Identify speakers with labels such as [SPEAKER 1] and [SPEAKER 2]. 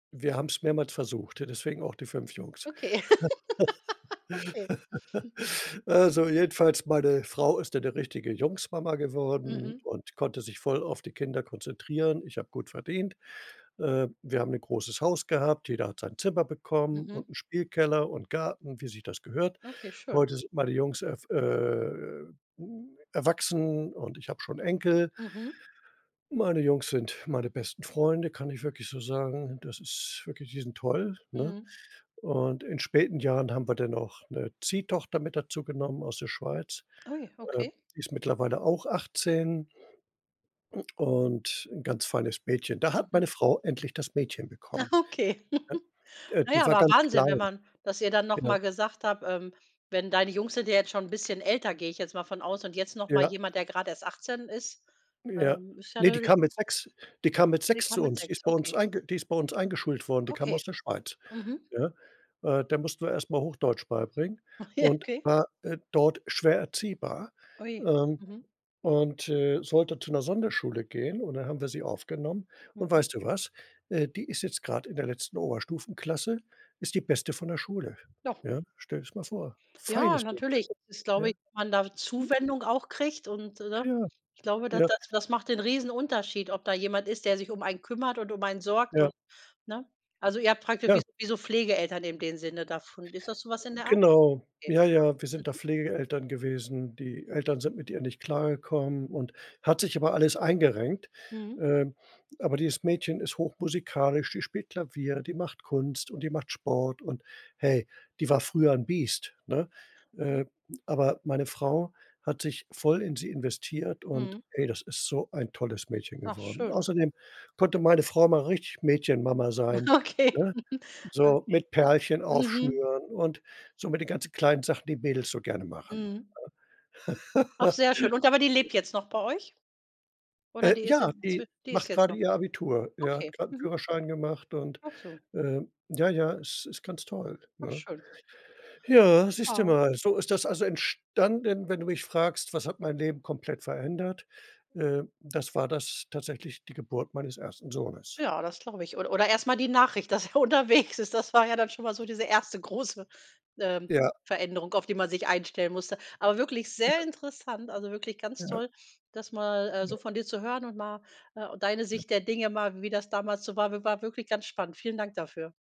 [SPEAKER 1] Wir haben's mehrmals versucht, ja, deswegen auch die 5 Jungs.
[SPEAKER 2] Okay. Okay, hm.
[SPEAKER 1] Also, jedenfalls meine Frau ist dann 'ne richtige Jungsmama geworden
[SPEAKER 2] Mhm.
[SPEAKER 1] und konnte sich voll auf die Kinder konzentrieren, ich habe gut verdient. Äh, wir haben 'ne großes Haus gehabt, jeder hat sein Zimmer bekommen
[SPEAKER 2] Mhm.
[SPEAKER 1] und 'n Spielkeller und Garten, wie sich das gehört.
[SPEAKER 2] Okay, schön.
[SPEAKER 1] Heute sind meine Jungs erw äh, hm, erwachsen und ich habe schon 'n Enkel.
[SPEAKER 2] Mhm.
[SPEAKER 1] Meine Jungs sind meine besten Freunde, kann ich wirklich so sagen. Das ist wirklich die sind toll, ne?
[SPEAKER 2] Mhm.
[SPEAKER 1] Und in späten Jahren haben wir dann auch 'ne Ziehtochter mit dazu genommen aus der Schweiz.
[SPEAKER 2] Oh je,
[SPEAKER 1] Äh,
[SPEAKER 2] okay.
[SPEAKER 1] die ist mittlerweile auch 18. Und 'n ganz feines Mädchen. Da hat
[SPEAKER 2] Mhm.
[SPEAKER 1] meine Frau endlich das Mädchen
[SPEAKER 2] Ach,
[SPEAKER 1] bekommen,
[SPEAKER 2] okay.
[SPEAKER 1] ne? Äh,
[SPEAKER 2] Na ja,
[SPEAKER 1] die war
[SPEAKER 2] aber
[SPEAKER 1] ganz
[SPEAKER 2] Wahnsinn, wenn
[SPEAKER 1] klein.
[SPEAKER 2] man dass ihr dann noch
[SPEAKER 1] Genau.
[SPEAKER 2] mal gesagt habt, ähm, wenn deine Jungs sind ja jetzt schon 'n bisschen älter, gehe ich jetzt mal von aus. Und jetzt noch mal
[SPEAKER 1] Ja.
[SPEAKER 2] jemand, der gerade erst 18 ist.
[SPEAKER 1] Ja.
[SPEAKER 2] Ähm, ist ja
[SPEAKER 1] Ne, die
[SPEAKER 2] natürlich
[SPEAKER 1] kam
[SPEAKER 2] ’ne
[SPEAKER 1] mit 6 die kam mit
[SPEAKER 2] Sie
[SPEAKER 1] 6
[SPEAKER 2] kam
[SPEAKER 1] zu
[SPEAKER 2] mit
[SPEAKER 1] uns. Die ist
[SPEAKER 2] 6,
[SPEAKER 1] bei uns
[SPEAKER 2] okay.
[SPEAKER 1] einge die ist bei uns eingeschult worden, die kam
[SPEAKER 2] Okay.
[SPEAKER 1] aus der Schweiz,
[SPEAKER 2] Mhm.
[SPEAKER 1] ne? Äh, der mussten wir erst mal Hochdeutsch beibringen,
[SPEAKER 2] Ach je,
[SPEAKER 1] und
[SPEAKER 2] okay.
[SPEAKER 1] war, äh, dort schwer erziehbar,
[SPEAKER 2] Ui,
[SPEAKER 1] ähm,
[SPEAKER 2] mhm.
[SPEAKER 1] und, äh, sollte zu 'ner Sonderschule gehen und dann haben wir sie aufgenommen. Und
[SPEAKER 2] Mhm.
[SPEAKER 1] weißt du was? Äh, die ist jetzt gerade in der letzten Oberstufenklasse, ist die beste von der Schule,
[SPEAKER 2] Doch.
[SPEAKER 1] ja? Stell dir das mal vor,
[SPEAKER 2] Ja,
[SPEAKER 1] feines
[SPEAKER 2] natürlich,
[SPEAKER 1] Mädchen,
[SPEAKER 2] das glaube
[SPEAKER 1] ja?
[SPEAKER 2] ich, dass man da Zuwendung auch kriegt. Und, äh, ne?
[SPEAKER 1] Ja.
[SPEAKER 2] Ich glaube, da
[SPEAKER 1] Ja.
[SPEAKER 2] das das macht den Riesenunterschied, ob da jemand ist, der sich um einen kümmert und um einen sorgt
[SPEAKER 1] Ja.
[SPEAKER 2] und ne? Also, ihr habt praktisch
[SPEAKER 1] Ja.
[SPEAKER 2] wie wie so Pflegeeltern in dem Sinne davon. Ist das so was in der Art?
[SPEAKER 1] Genau,
[SPEAKER 2] Okay.
[SPEAKER 1] ja, ja, wir sind da
[SPEAKER 2] Mhm.
[SPEAKER 1] Pflegeeltern gewesen, die Eltern sind mit ihr nicht klargekommen und hat sich aber alles eingerenkt,
[SPEAKER 2] Mhm.
[SPEAKER 1] ähm, aber dieses Mädchen ist hochmusikalisch, die spielt Klavier, die macht Kunst und die macht Sport und, hey, die war früher 'n Biest, ne?
[SPEAKER 2] Mhm.
[SPEAKER 1] Äh, aber meine Frau hat sich voll in sie investiert und,
[SPEAKER 2] Mhm.
[SPEAKER 1] ey, das ist so ein tolles Mädchen
[SPEAKER 2] Ach,
[SPEAKER 1] geworden.
[SPEAKER 2] schön.
[SPEAKER 1] Außerdem konnte meine Frau mal richtig Mädchenmama sein,
[SPEAKER 2] Okay.
[SPEAKER 1] ne, so
[SPEAKER 2] Okay,
[SPEAKER 1] mit Perlchen
[SPEAKER 2] mhm.
[SPEAKER 1] aufschnüren und so mit den ganzen kleinen Sachen, die Mädels so gerne machen,
[SPEAKER 2] Mhm. Ach
[SPEAKER 1] ne?
[SPEAKER 2] sehr schön. Und aber die lebt jetzt noch bei euch? Oder
[SPEAKER 1] Äh,
[SPEAKER 2] die ist
[SPEAKER 1] ja,
[SPEAKER 2] inzwi
[SPEAKER 1] die
[SPEAKER 2] die ist
[SPEAKER 1] macht
[SPEAKER 2] jetzt
[SPEAKER 1] gerade
[SPEAKER 2] noch
[SPEAKER 1] ihr Abitur, ja, hat
[SPEAKER 2] Okay,
[SPEAKER 1] gerade 'n
[SPEAKER 2] mhm.
[SPEAKER 1] Führerschein gemacht und,
[SPEAKER 2] Ach so.
[SPEAKER 1] ähm, ja, ja, es ist ganz toll,
[SPEAKER 2] Ach
[SPEAKER 1] ne?
[SPEAKER 2] schön.
[SPEAKER 1] Ja, siehst du
[SPEAKER 2] Ah.
[SPEAKER 1] mal, so ist das also entstanden, wenn du mich fragst: „Was hat mein Leben komplett verändert?“, äh, das war das tatsächlich, die Geburt meines 1. Sohnes.
[SPEAKER 2] Ja, das glaube ich. Oder oder erst mal die Nachricht, dass er unterwegs ist. Das war ja dann schon mal so diese erste große, ähm,
[SPEAKER 1] Ja.
[SPEAKER 2] Veränderung, auf die man sich einstellen musste. Aber wirklich sehr
[SPEAKER 1] Ja.
[SPEAKER 2] interessant, also, wirklich ganz
[SPEAKER 1] Ja.
[SPEAKER 2] toll, das mal, äh,
[SPEAKER 1] Ja.
[SPEAKER 2] so von dir zu hören und mal, äh, deine
[SPEAKER 1] Ja.
[SPEAKER 2] Sicht der Dinge mal, wie das damals so war, war war wirklich ganz spannend. Vielen Dank dafür.